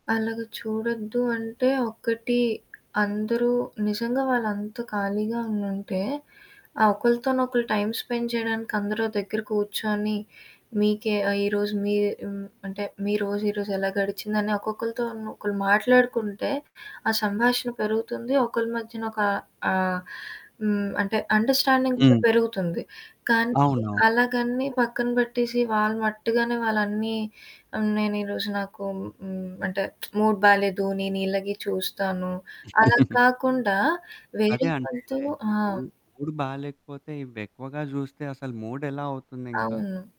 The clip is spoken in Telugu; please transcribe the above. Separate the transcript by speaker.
Speaker 1: అలాగా చూడొద్దు అంటే ఒక్కటి అందరూ నిజంగా వాళ్ళు అంత ఖాళీగా ఉండుంటే, ఆ ఒకల్తోనొకలు టైమ్ స్పెండ్ చేయడానికి అందరూ ఓ దగ్గర కూర్చొని, మీకే ఆహ్, ఈరోజు మీ హ్మ్. అంటే మీరోజు ఈరోజు ఎలా గడిచిందని ఒక్కొక్కళ్ళతో‌ను ఒకళ్ళు మాట్లాడుకుంటే ఆ సంభాషణ పెరుగుతుంది ఒకళ్ళ మధ్యన ఒక ఆహ్, హ్మ్. అంటే అండర్స్టాండింగ్ కూడా
Speaker 2: హ్మ్.
Speaker 1: పెరుగుతుంది. కానీ
Speaker 2: అవునవును.
Speaker 1: అలాగని పక్కన పెట్టేసి వాళ్ళ మట్టుగానే వాళ్ళు అన్ని ఆహ్, నేను ఈరోజు నాకు హ్మ్. అంటే మూడ్ బాలేదు. నేను ఇలాగే చూస్తాను. అలా కాకుండా వేరే
Speaker 2: అదే అంటే,
Speaker 1: వాళ్ళతో ఆ!
Speaker 2: ఇపుడూ మూడ్ బాలేకపోతే ఇవెక్కువగా చూస్తే అసలు మూడ్ ఎలా అవుతుందింకా?
Speaker 1: అవును.